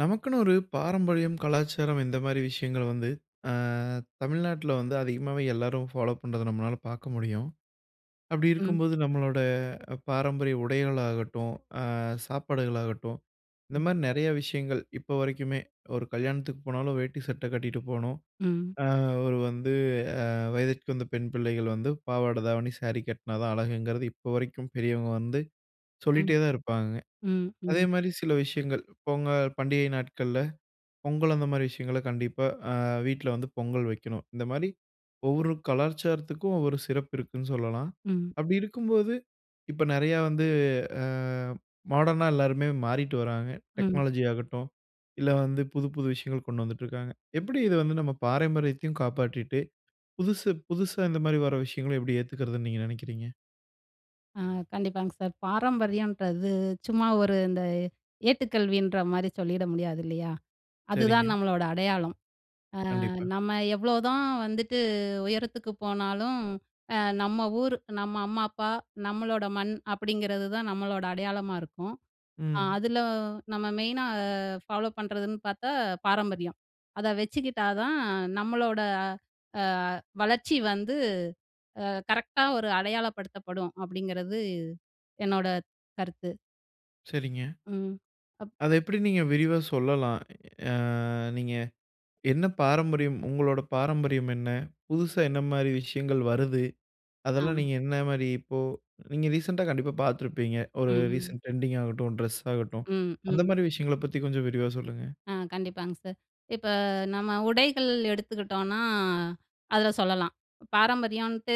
நமக்குன்னு ஒரு பாரம்பரியம், கலாச்சாரம் இந்த மாதிரி விஷயங்கள் வந்து அ தமிழ்நாட்டில வந்து அதிகமாவே எல்லாரும் ஃபாலோ பண்ணுறத நம்மளால பார்க்க முடியும். அப்படி ம். இருக்கும்போது, நம்மளோட அ பாரம்பரிய உடைகள் ஆகட்டும், அ சாப்பாடுகள் ஆகட்டும், இந்த ம். மாதிரி நிறைய விஷயங்கள் இப்போ வரைக்குமே, ஒரு கல்யாணத்துக்கு போனாலும் வேட்டி சட்ட கட்டிகிட்டு போணும். ம். அ ஒரு வந்து வயதிற்க்கு வந்த பெண் பிள்ளைகள் வந்து பாவாடை தாவணி, சாரி கட்டினா தான் அழகுங்கிறது, இப்போ வரைக்கும் பெரியவங்க வந்து ம், சொல்லிட்டே தான் இருப்பாங்க. ம், அதே ம். மாதிரி சில விஷயங்கள், பொங்கல் பண்டிகை நாட்கள்ல பொங்கல் அந்த மாதிரி விஷயங்கள கண்டிப்பா அ வீட்ல வந்து பொங்கல் வைக்கணும். இந்த மாதிரி ஒவ்வொரு கலாச்சாரத்துக்கும் ஒவ்வொரு சிறப்பு இருக்குன்னு சொல்லலாம். ம். அப்படி இருக்கும்போது, இப்ப நிறையா வந்து அ மாடர்னா எல்லோருமே மாறிட்டு வராங்க. ம். டெக்னாலஜி ஆகட்டும் இல்ல வந்து புது புது விஷயங்கள் கொண்டு வந்துட்டு இருக்காங்க. எப்படி இதை வந்து நம்ம பாரம்பரியத்தையும் காப்பாற்றிட்டு, புதுசு புதுசா இந்த மாதிரி வர விஷயங்கள எப்படி ஏற்றுக்கிறதுன்னு நீங்க நினைக்கீறீங்க? அ கண்டிப்பாங்க சார். பாரம்பரியம்ன்றது, சும்மா ஒரு இந்த ஏட்டுக்கல்வின்ற மாதிரி சொல்லிட முடியாது, இல்லையா. சரிங்க. அதுதான் நம்மளோட அடையாளம். அ கண்டிப்பா. நம்ம எவ்வளோதான் வந்துட்டு உயரத்துக்கு போனாலும், அ நம்ம ஊர், நம்ம அம்மா அப்பா, நம்மளோட மண் அப்படிங்கிறது தான் நம்மளோட அடையாளமா இருக்கும். அ ம். அதில நம்ம மெயினா ஃபாலோ பண்ணுறதுன்னு பார்த்தா பாரம்பரியம். அதை வச்சுக்கிட்டா தான், நம்மளோட அ வளர்ச்சி வந்து கரெக்ட்டா ஒரு அடையாளப்படுத்தப்படும் அப்படிங்கிறது என்னோட கருத்து. சரிங்க. ம். அப் அதை எப்படி நீங்க விரிவா சொல்லலாம்? அ நீங்க என்ன பாரம்பரியம், உங்களோட பாரம்பரியம் என்ன? புதுசா என்ன மாரி விஷயங்கள் வருது? ஆ. அதெல்லாம் நீங்க என்ன மாரி இப்போ நீங்க ரீசென்டா கண்டிப்பா பார்த்திருப்பீங்க. ஒரு ம். ரீசென்ட் டிரெண்டிங் ஆகட்டும், டிரெஸ் ஆகட்டும் ம், அந்த ம். மாரி விஷயங்களைப் பத்தி கொஞ்சம் விரிவா சொல்லுங்க. அ. கண்டிப்பாங்க சார். இப்ப நம்ம உடைகள் எடுத்துக்கிட்டோன்னா, அதில சொல்லலாம். "பாரம்பரியம்ன்ட்டு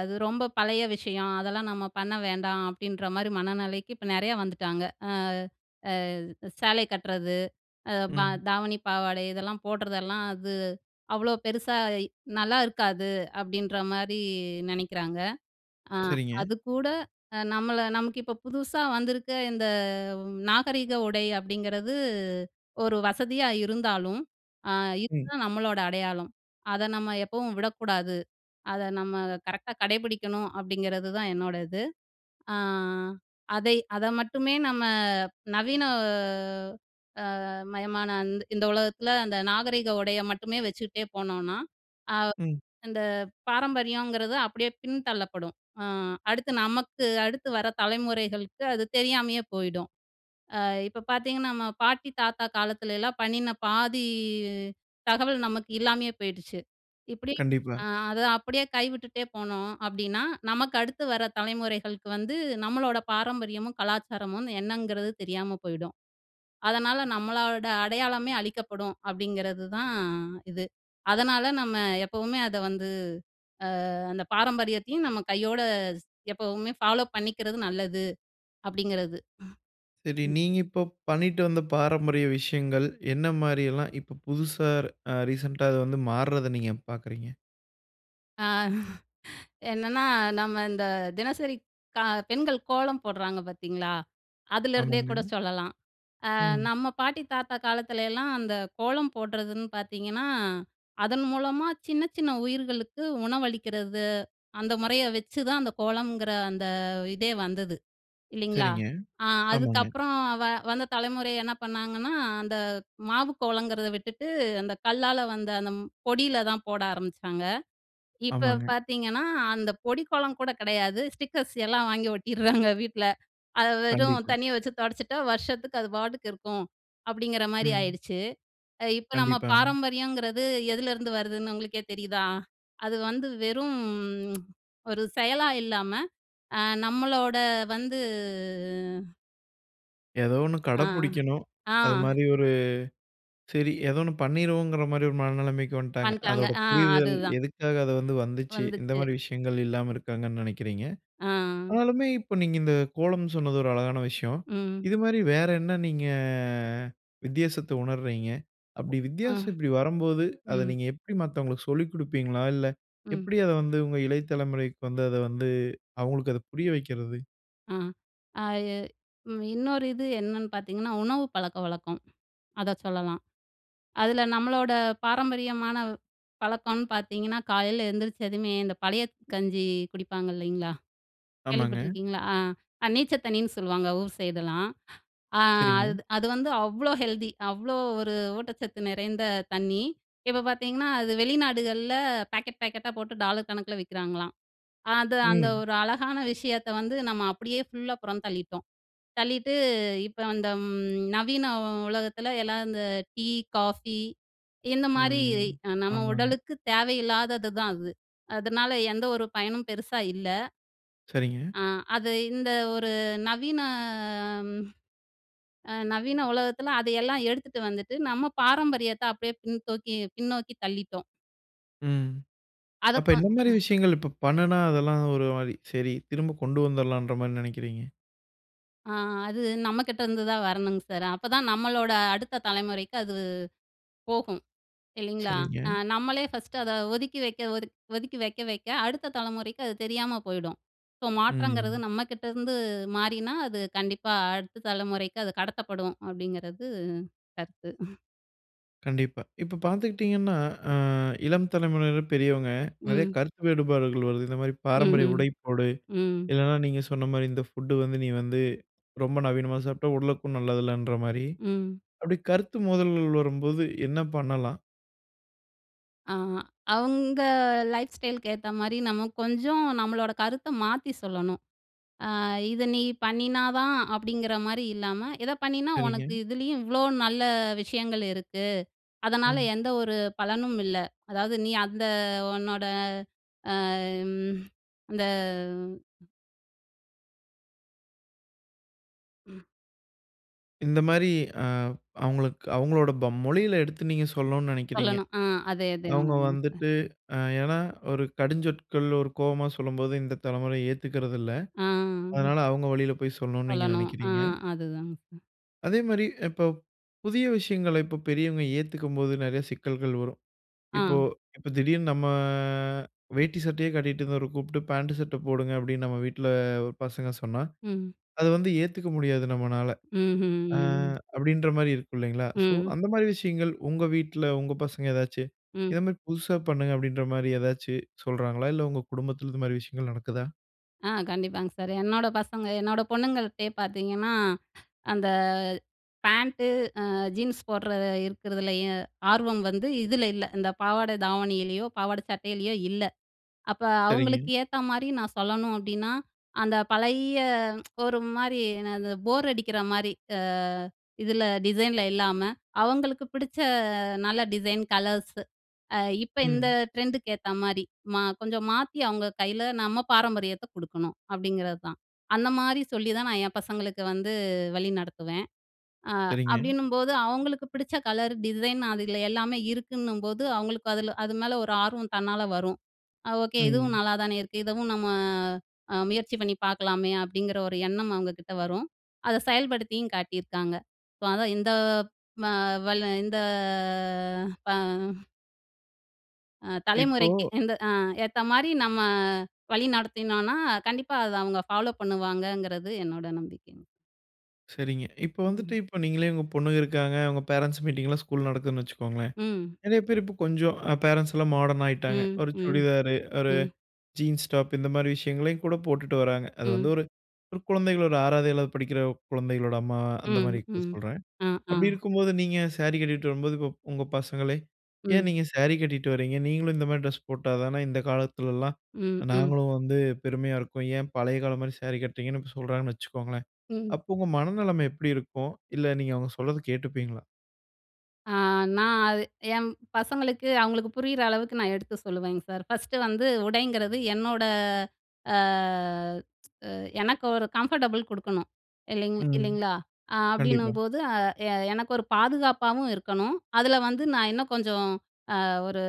அது ரொம்ப பழைய விஷயம். அதெல்லாம் நம்ம பண்ண வேண்டாம்." அப்படின்ற மாரி மனநிலைக்கு இப்ப நெறைய வந்துட்டாங்க. அ அ "சேலைய கட்டுறது, அ ப ம். தாவணி, பாவாடை இதெல்லாம் போடுறதெல்லாம், அது அவ்வளோ பெருசா இ நல்லா இருக்காது." அப்படின்ற மாரி நெனைக்கிறாங்க. அ சரிங்க. அதுக்கூட அ நம்மளை "நமக்கு இப்ப புதுசா வந்திருக்க இந்த நாகரீக உடை அப்படிங்கிறது ஒரு வசதியா இருந்தாலும், அ ம். இதுதான் நம்மளோட அடையாளம். அதை நம்ம எப்பவும் விடக்கூடாது. அதை நம்ம கரெக்ட்டா கடைபிடிக்கணும்." அப்படிங்கிறது தான் என்னோட இது. அ அதை அத மட்டுமே நம்ம நவீன அ மயமான அந் இந்த உலகத்தில, அந்த நாகரீக உடையை மட்டுமே வச்சுக்கிட்டே போனோம்னா, அ ம். அந்த பாரம்பரியங்கிறது அப்படியே பின் தள்ளப்படும். அ அடுத்து, நமக்கு அடுத்து வர தலைமுறைகளுக்கு அது தெரியாமையே போயிடும். அ இப்ப பார்த்தீங்கன்னா, நம்ம பாட்டி தாத்தா காலத்துலல்லாம் பண்ணின பாதி தகவல் நமக்கு இல்லாமயே போயிடுச்சு. இப்படி கண்டிப்பா. "அ அதை அப்படியே கைவிட்டுட்டே போனோம் அப்படின்னா, நமக்கு அடுத்து வர தலைமுறைகளுக்கு வந்து நம்மளோட பாரம்பரியமும், கலாச்சாரமும் என்னங்கிறது தெரியாம போயிடும். அதனால, நம்மளோட அடையாளமே அழிக்கப்படும்." அப்படிங்கிறது தான் இது. அதனால நம்ம எப்பவுமே அதை வந்து, அ அந்த பாரம்பரியத்தையும் நம்ம கையோடு ஸ் எப்பவுமே ஃபாலோ பண்ணிக்கிறது நல்லது' அப்படிங்கிறது. சரி. ம். நீங்க இப்போ பண்ணிட்டு வந்த பாரம்பரிய விஷயங்கள் என்ன மாரி எல்லாம், இப்ப புதுசா அ ரீசென்டா அது வந்து மாறுவதை நீங்க பார்க்குறீங்க? அ என்னன்னா நம்ம இந்த தினசரி க பெண்கள் கோலம் போடுறாங்க பார்த்தீங்களா, அதுலேருந்தே கூட ஆமாங்க. சொல்லலாம். அ ம். நம்ம பாட்டி, தாத்தா காலத்துலலாம் அந்த கோலம் போடுறதுன்னு பார்த்தீங்கன்னா, அதன் மூலமா சின்ன சின்ன உயிர்களுக்கு உணவளிக்கிறது, அந்த முறைய வச்சுதான் அந்த கோலம்ங்கிற அந்த இதே வந்தது இல்லைங்களா? சரிங்க, அ ஆமாங்க. அதுக்கப்புறம் வ வந்த தலைமுறை என்ன பண்ணாங்கன்னா, அந்த மாவு கோலங்கிறத விட்டுட்டு அந்த கல்லால வந்த அந்த பொடியில தான் போட ஆரம்பிச்சாங்க. இப்ப ஆமாங்க. பார்த்தீங்கன்னா, அந்த பொடி கோலம் கூட கிடையாது. ஸ்டிக்கர்ஸ் எல்லாம் வாங்கி ஒட்டிடுறாங்க வீட்டுல. அதை வெறும் கண்டிப்பா. தண்ணிய வச்சு துடச்சிட்டா, வருஷத்துக்கு அது பாட்டுக்கு இருக்கும் அப்படிங்கிற மாரி ம். ஆயிடுச்சு. இப்போ நம்ம கண்டிப்பாங்க. பாரம்பரியங்கிறது எதிலேருந்து வருதுன்னு உங்களுக்கே தெரியுதா? அது வந்து வெறும் ஒரு செயலா இல்லாம, அ நம்மளோட வந்து ஏதோ ஒன்னு கட அ, பிடிக்கணும். ஆ. அதுமாதிரி ஒரு சரி ஏதோ ஒன்னு பண்ணிருவோங்கிற மாதிரி ஒரு மனநிலைமைக்கு வந்துட்டாங்க. பண்ணிட்டாங்க, அதோட ஆ புரிதல் அதுதான். எதுக்காக அது வந்து வந்துச்சு? இந்த வந்துச்சு. மாதிரி விஷயங்கள் இல்லாம இருக்காங்கன்னு நினைக்கிறீங்க. ஆ. ஆனாலுமே இப்போ நீங்க இந்த கோலம் சொன்னது ஒரு அழகான விஷயம். ம். இதுமாதிரி வேற என்ன நீங்க வித்தியாசத்தை உணர்றீங்க? அப்படி அ. வித்தியாசம் இப்படி வரும்போது, அத ம். நீங்க எப்படி மத்தவங்களுக்கு சொல்லிக் கொடுப்பீங்களா? இல்ல ம். எப்படி அத வந்து உங்க இலை தலைமுறைக்கு வந்து அதை வந்து அவங்களுக்கு அதை புரிய வைக்கிறது? அ. அது ம். இன்னொரு இது என்னன்னு பார்த்தீங்கன்னா, உணவு பழக்கவழக்கம் அத சொல்லலாம் அதில நம்மளோட பாரம்பரியமான பழக்கம்னு பார்த்தீங்கன்னா காலையில எழுந்திரிச்சதுமே இந்த பழைய கஞ்சி குடிப்பாங்க இல்லைங்களா, ஆமாங்க. கேள்விப்பட்டுருக்கீங்களா? அ நீச்ச தண்ணின்னு சொல்லுவாங்க. ஊர் சைடுலாம். அ சரிங்க. அது அது வந்து அவ்ளோ ஹெல்த்தி. அவ்ளோ ஒரு ஊட்டச்சத்து நிறைந்த தண்ணி. இப்ப பார்த்தீங்கன்னா, அது வெளிநாடுகள்ல பாக்கெட் பேக்கெட்டா போட்டு டாலர் கணக்கில விக்கிறாங்களாம். அ அது அந்த ம். ஒரு அழகான விஷயத்த வந்து நம்ம அப்படியே ஃபுல்லா புறம் தள்ளிட்டோம். தள்ளிட்டு இப்ப இந்த ம் நவீன உலகத்தில எல்லாம் இந்த டீ, காஃபி இந்த மாரி ம். அ நம்ம ஆமாங்க. உடலுக்கு தேவையில்லாததுதான் அது. அதனால எந்த ஒரு பயனும் பெருசா இல்ல. சரிங்க. ஆ. அது இந்த ஒரு நவீன. அ ம். நவீன உலகத்தில அதையெல்லாம் எடுத்துட்டு வந்துட்டு நம்ம பாரம்பரியத்த அப்படியே பின்னோக்கி- பின்னோக்கி தள்ளிட்டோம். ம். அத அப்ப கொ என்ன மாரி ம். விஷயங்கள் இப்ப பண்ணுனா, அதெல்லாம் ஒரு மாதிரி சரி. திரும்ப கொண்டு வந்துடலான்ற மாரி நினைக்கிறீங்க? ஆ. அது நம்மக்கிட்ட இருந்துதான் வரணுங்க சார். அப்பதான் நம்மளோட அடுத்த தலைமுறைக்கு அது போகும். இல்லைங்களா? சரிங்க. அ நம்மளே ஃபர்ஸ்ட்டு அத ஒதுக்கி வைக்க, ஒதுக் ஒதுக்கி, வைக்க வைக்க அடுத்த தலைமுறைக்கு அது தெரியாம போயிடும். ஸோ, மாற்றங்கிறது ம். நம்மக்கிட்ட இருந்து மாறினா, அது கண்டிப்பா அடுத்த தலைமுறைக்கு அது கடத்தப்படும். அப்பிடிங்கிறது கருத்து. கண்டிப்பா. இப்ப பார்த்துக்கிட்டீங்கன்னா, அ இளம் தலைமுறையினர், பெரியவங்க நெறைய ம். கருத்து வேறுபாடுகள் வருது. "இந்தமாரி பாரம்பரிய ம்ஹ்ம். உடை போடு." ம். இல்லன்னா நீங்க சொன்னமாரி, "இந்த ஃபுட் வந்து நீ வந்து ரொம்ப நவீனமா சாப்பிட்டா, உடலுக்கும் நல்லது இல்லன்றமாரி." ம். அப்படி கருத்து மோதல்கள் வரும்போது என்ன பண்ணலாம்? ஆ. அவுங்க லைஃப் ஸ்டைல் க்கு ஏத்தமாரி நம்ம கொஞ்சம் நம்மளோட கருத்த மாத்தி சொல்லணும். ஆ "இத நீ பண்ணினாதான்!" அப்படிங்கிற மாரி இல்லாம, "இத பண்ணினா உனக்கு சரிங்க. இதுலேயும் இவ்ளோ நல்ல விஷயங்கள் இருக்கு. அதனால ம். எந்த ஒரு பலனும் இல்ல. அதாவது, நீ அந்த உன்னோட அம் அந்த" ஆ. இந்த மாதிரி அ அவங்களுக்கு அவங்களுடைய போம் மொழியில எடுத்து நீங்க சொல்லணுன்னு நினைக்கிறீங்க. சொல்லணும். ஆ அதே அதே அவங்க மாதிரிங்க சார். வந்துட்டு அ ஏன்னா, ஒரு கடுஞ்சொற்கள் ஒரு கோவமா சொல்லும்போது, இந்த தலைமுறை ஏத்துக்கிறதில்ல. ஆ. அதனால, அவங்க வழியில போய் சொல்லணும்னு நீங்க சொல்லணும். ஆ நினைக்கிறீங்க. அதுதாங்க சார். அதேமாதிரி இப்ப, புதிய விஷயங்கள இப்ப பெரியவங்க ஏத்துக்கும்போது நிறைய சிக்கல்கள் வரும். இப்போ ஆ. இப்ப திடீர்னு நம்ம வேட்டி சட்டையே கட்டிகிட்டு இருந்தவர கூப்ட்டு, பேண்ட் சட்டை போடுங்க அப்படின்னு நம்ம வீட்டில ஒரு பசங்க சொன்னா, ம். அத வந்து ஏத்துக்க முடியாது நம்மனால. அ ம்ஹ்ம். அப்படின்ற மாதிரி இருக்கும் இல்லைங்களா! ஸோ ம். அந்த மாதிரி விஷயங்கள், உங்க வீட்டில உங்க பசங்க ஏதாச்சு, ம். இதமாதிரி புதுசா பண்ணுங்க, அப்படின்ற மாதிரி ஏதாச்சு சொல்றாங்களா? இல்ல உங்கள் குடும்பத்தில, இந்த மாதிரி விஷயங்கள் நடக்குதா? ஆ. கண்டிப்பாங்க சார். என்னோட பசங்க என்னோட பொண்ணுங்கள்ட்டயே பார்த்தீங்கன்னா, அந்த பேன்ட்டு அ ஜீன்ஸ் போடுற இருக்கிறதுலயும் ஆர்வம் வந்து, இதில இல்ல. இந்த பாவாடை தாவணியிலயோ, பாவாடை சட்டையிலேயோ, இல்ல. அப்போ அவங்களுக்கு சரிங்க. ஏத்த மாரி நான் சொல்லணும் அப்படின்னா, அந்த பழைய ஒரு மாரினா இந்த போர் அடிக்கிற மாரி அ இதில டிசைன்ல இல்லாம, அவங்களுக்கு பிடிச்ச நல்ல டிசைன், கலர்ஸு அ இப்ப இந்த ம். ட்ரெண்டுக்கு ஏத்த மாரி மா கொஞ்சம் மாத்தி அவங்க கையில நம்ம பாரம்பரியத்த கொடுக்கணும், அப்படிங்கிறது தான். அந்த மாரி சொல்லி தான், நான் என் பசங்களுக்கு வந்து வழி நடத்துவேன். அ சரிங்க. அப்படின்னும்போது, அவங்களுக்கு பிடிச்ச கலர் டிசைன் அது எல்லாமே இருக்குன்னும்போது அவங்களுக்கு அதில அது மேல ஒரு ஆர்வம் தன்னால வரும். அ ஓகே. இதுவும் ம். நல்லாதானே இருக்கு இதுவும் நம்ம அ முயற்சி பண்ணி பார்க்கலாமே! அப்படிங்கிற ஒரு எண்ணம் அவங்க கிட்ட வரும். அதை செயல்படுத்தியும் காட்டியிருக்காங்க. ஸோ, அதான் இந்த ம வல இந்த பா அ. இப்போ. தலைமுறைக்கு, இந்த ஆ, ஏத்தா மாரி நம்ம வழி நடத்தினோம்னா, கண்டிப்பா அத அவங்க ஃபாலோ பண்ணுவாங்கங்கிறது என்னோட நம்பிக்கைங்க. சரிங்க. இப்போ வந்துட்டு ம். இப்போ நீங்களே உங்க பொண்ணுங்க இருக்காங்க. உங்க பேரன்ட்ஸ் மீட்டிங் எல்லாம் ஸ்கூல்ல நடக்குதுன்னு வச்சுக்கொள்ளுங்களேன், ம். நெறைய பேர் இப்போ கொஞ்சம் அ பேரன்ட்ஸ் எல்லாம் மாடர்ன் ஆயிட்டாங்க. ம், ஒரு ம், சுடிதார், ஒரு ம். ஜீன்ஸ் டாப் இந்த மாரி விஷயங்களையும் கூட போட்டுட்டு வர்றாங்க. அது வந்து ம். ஒரு ஒரு குழந்தைகள் ஒரு 6 வது, 7 வது படிக்கிற குழந்தைகளோட அம்மா அந்த ம். மாரி இப்ப ம். சொல்றேன். அ, ஆ. அப்படி இருக்கும்போது, நீங்க சாரி கட்டிட்டு வரும்போது, இப்போ உங்க பசங்களே, ஏன் ம். நீங்க சாரி கட்டிட்டு வரீங்க? நீங்களும் இந்த மாரி ட்ரெஸ் போட்டா தான இந்த காலத்துலல்லாம் ம். ம். நாங்களும் வந்து பெருமையா இருக்கும். ஏன் பழைய காலம் மாரி சாரி கட்டுறீங்கன்னு இப்போ சொல்கிறாங்கன்னு வச்சுக்கோங்களேன், ம். அப்போ உங்க மனநிலைமை எப்படி இருக்கும்? இல்ல நீங்க அவங்க சொல்றத கேட்டுப்பீங்களா? ஆ. நான் அது என் பசங்களுக்கு அவங்களுக்கு புரியிற அளவுக்கு நான் எடுத்து சொல்லுவேங்க சார். 1ஸ்ட் வந்து உடைங்கிறது என்னோட அ எனக்கு ஒரு கம்ஃபர்டபுள் குடுக்கணும். இல்லைங் ம். இல்லைங்களா? ஆ கண்டிப்பா. அப்படின்னும்போது, "ஆ 'எ எனக்கு ஒரு பாதுகாப்பாவும் இருக்கணும். அதில வந்து நான் இன்னும் கொஞ்சம் ஆ ஒரு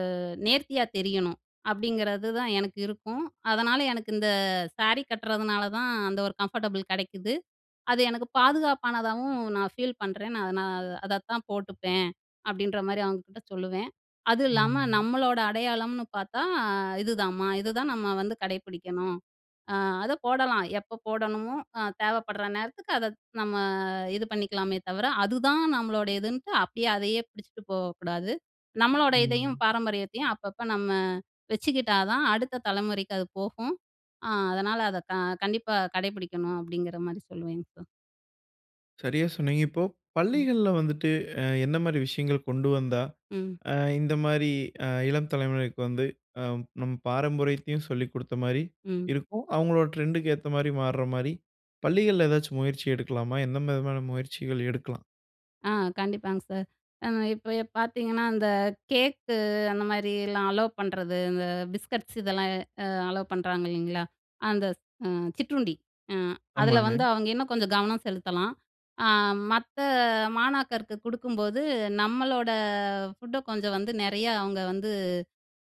நேர்த்தியா தெரியணும்.' அப்படிங்கிறது தான் எனக்கு இருக்கும். அதனால எனக்கு இந்த ஸாரி கட்டுறதுனால தான், அந்த ஒரு கம்ஃபர்டபுள் கெடைக்குது. அது எனக்கு பாதுகாப்பானதாகவும் நான் ஃபீல் பண்றேன். நான் நான் அதத்தான் போட்டுப்பேன்." அப்படின்ற மாரி அவங்க கிட்ட சொல்லுவேன். "அது இல்லாம ம். நம்மளோட அடையாளம்னு பார்த்தா, இதுதாம்மா. இதுதான் நம்ம வந்து கடைப்பிடிக்கணும். அ அத போடலாம். எப்ப போடணுமோ, ஆ தேவைப்படுற நேரத்துக்கு அத நம்ம இது பண்ணிக்கலாமே தவிர, அதுதான் நம்மளுடையதுன்ட்டு அப்படியே அதையே பிடிச்சுட்டு போகக்கூடாது, நம்மளோட இதையும் ம். பாரம்பரியத்தையும் அப்பப்ப நம்ம வச்சுக்கிட்டா தான் அடுத்த தலைமுறைக்கு அது போகும். அ அதனால அத க கண்டிப்பா கடைபிடிக்கணும்." அப்படிங்கிற மாரி சொல்லுவேங்க சார். சரியா சொன்னீங்க. இப்போ ம். பள்ளிகள்ல வந்துட்டு அ எந்த மாதிரி விஷயங்கள் கொண்டு வந்தா, ம். ஆ இந்த மாரி அ இளம் தலைமுறைக்கு வந்து அ நம்ம பாரம்பரியத்தையும் சொல்லி குடுத்த மாரி ம். இருக்கும். அவங்களோட ட்ரெண்ட்க்கு ஏத்த மாரி மாற மாரி பள்ளிகள்ல ஏதாச்சி முயற்சி எடுக்கலாமா? எந்த விதமான முயற்சிகள் எடுக்கலாம்? ஆ கண்டிப்பாங்க சார். ஆ இப்ப ஏ பார்த்தீங்கன்னா, அந்த கேக்கு அந்த மாதிரிலாம் அலோவ் பண்றது, இந்த பிஸ்கட்ஸ் இதெல்லாம் அ அலோவ் பண்ணுறாங்க இல்லைங்களா, அந்த அ சிற்றுண்டி அ அதில ஆமாங்க. வந்து அவங்க இன்னும் கொஞ்சம் கவனம் செலுத்தலாம். அ மத்த மாணாக்கருக்கு குடுக்கும்போது நம்பளோட ஃபுட்ட கொஞ்சம் வந்து, நிறையா அவங்க வந்து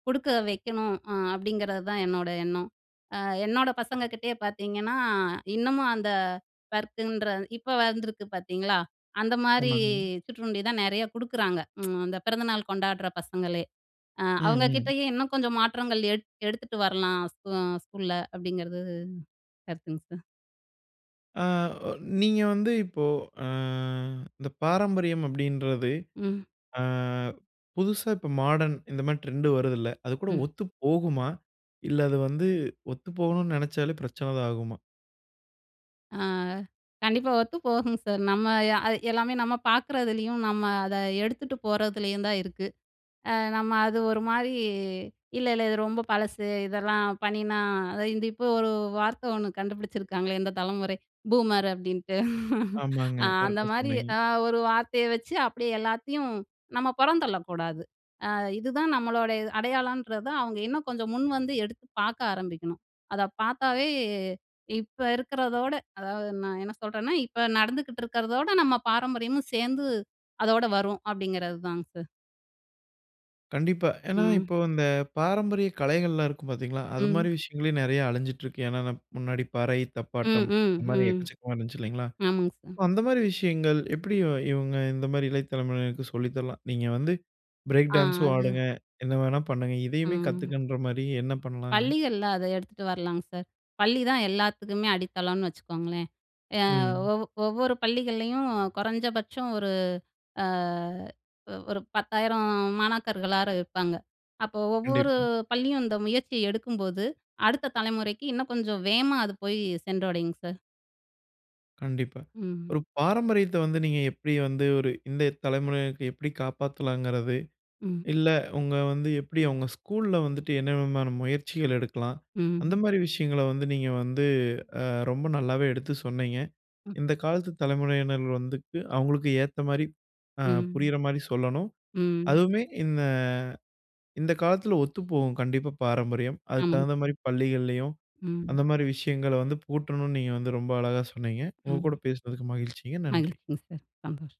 குடுக்க வைக்கணும் அ அப்படிங்கறது தான் என்னோட எண்ணம். அ என்னோட பசங்க கிட்டயே பார்த்தீங்கன்னா இன்னமும் அந்த பர்க்குன்ற, இப்ப வந்திருக்கு பார்த்தீங்களா, அந்த மாரி ஆமாங்க. சுற்றுருண்டி தான் நெறையா குடுக்குறாங்க. அந்த பிறந்தநாள் கொண்டாடுற பசங்களே அ ம், அவங்க ம். கிட்டயே இன்னும் கொஞ்சம் மாற்றங்கள் எடுத் எடுத்துட்டு வரலாம். ஸ்கூ ஸ்கூல்ல அப்படிங்கிறது கருத்துங்க சார். ஆ ஒ நீங்க வந்து இப்போ ஆ இந்த பாரம்பரியம் அப்படின்றது, ம். ஆ புதுசா இப்ப மாடர்ன் இந்த மாரி ட்ரெண்ட்டு வருது இல்ல, அது கூட ம். ஒத்து போகுமா? இல்ல அது வந்து ஒத்து போகணும்னு நினைச்சாலே பிரச்சனை தான் ஆகுமா? அ கண்டிப்பா ஒத்து போகும் சார். நம்ம அ அது எல்லாமே நம்ம பார்க்குறதுலேயும், நம்ம அத எடுத்துட்டு போறதுலயும் தான் இருக்கு. அ நம்ம அது ஒரு மாரி இல்ல இல்ல இது ரொம்ப பழசு. இதெல்லாம் பண்ணினா அத இந்த இப்போ ஒரு வார்த்தை ஒண்ணு கண்டுபிடிச்சிருக்காங்களே, இந்த தலமுறை பூமர் அப்டின்ட்டு. ஆமாங்க. அ அந்த கரெக்ட்டா மாரி சொன்னீங்க. அ ஒரு வார்த்தைய வச்சு, அப்படியே எல்லாத்தையும் நம்ம புறந்தள்ளக்கூடாது. அ இதுதான் நம்மளுடைய இது அடையாளன்றத அவங்க இன்னும் கொஞ்சம் முன் வந்து, எடுத்து பாக்க ஆரம்பிக்கணும். அதை பாத்தாவே இப்ப இருக்கிறதோட, அதாவது நான் என்ன சொல்றேன்னா, இப்போ நடந்துகிட்டு இருக்கிறதோட, நம்ம பாரம்பரியமும் சேந்து, அதோட வரும் அப்படிங்கிறது தாங்க சார். கண்டிப்பா. ஏன்னா ம். இப்போ அந்த பாரம்பரிய கலைகள்லாம் இருக்கும் பாத்தீங்களா, அதுமாரி ம். விஷயங்களே, நிறைய அழிஞ்சிட்டு இருக்கு. ஏன்னானா முன்னாடி பறை, ம், தப்பாட்டம், ம், அந்த மாரி ம். எக்கச்சக்கமா இருந்துச்சு இல்லைங்களா, ஆமாங்க சார். அப்ப அந்த மாரி விஷயங்கள் எப்படி இவன் இவங்க இந்த மாரி இளையதலமுறையினருக்கு சொல்லி தரலாம்? நீங்க வந்து பிரேக் ஆ. டான்ஸும் அது ஆடுங்க. என்ன வேணா பண்ணுங்க. இதையுமே ம். கத்துக்கன்ற மாரி என்ன பண்ணலாங்க?. பள்ளிகள்ள அதை எடுத்துட்டு வரலாங்க சார். பள்ளிதான் எல்லாத்துக்குமே அடித்தளம்னு வச்சுக்கோங்களேன். ஏ ம். ஒவ் ஒவ்வொரு பள்ளிகள்லயும், குறைஞ்சபட்சம் ஒரு ஆ ஒரு 10,000 மாணாக்கர்களாவது இருப்பாங்க. அப்போ ஒவ்வொரு கண்டிப்பா. பள்ளியும் இந்த முயற்சிய எடுக்கும்போது, அடுத்த தலைமுறைக்கு இன்னும் கொஞ்சம் வேகமா அது போயி சென்றடையுங்க சார். கண்டிப்பா. ம். ஒரு பாரம்பரியத்த வந்து நீங்க எப்படி வந்து ஒரு இந்த தலமுறையினருக்கு எப்படி காப்பாத்தலாங்கிறது, ம். இல்லை உங்க வந்து எப்படி அவுங்க ஸ்கூல்ல வந்துட்டு, என்ன விதமான முயற்சிகள் எடுக்கலாம். அந்த ம். மாரி விஷயங்கள வந்து, நீங்க வந்து அ ரொம்ப நல்லாவே எடுத்து சொன்னீங்க. ம். இந்த காலத்து தலைமுறையினர்கள் வந்துட்டு, அவுங்களுக்கு ஏத்த மாரி அ ம். புரியுற மாரி சொல்லணும். ம். அதுவுமே இந்த இந்த காலத்தில ஒத்துப்போகும், கண்டிப்பா பாரம்பரியம். அதுக்கு ஆமாங்க. தகுந்த சார். மாரி, பள்ளிகள்லயும், ம். அந்த மாரி விஷயங்கள வந்து, புகுத்தனும்ன்னு நீங்க வந்து ரொம்ப அழகா சொன்னீங்க. உங்க கூட ம். பேசுனதுக்கு மகிழ்ச்சிங்க. நன்றி. மகிழ்ச்சிங்க சார். சந்தோஷம்.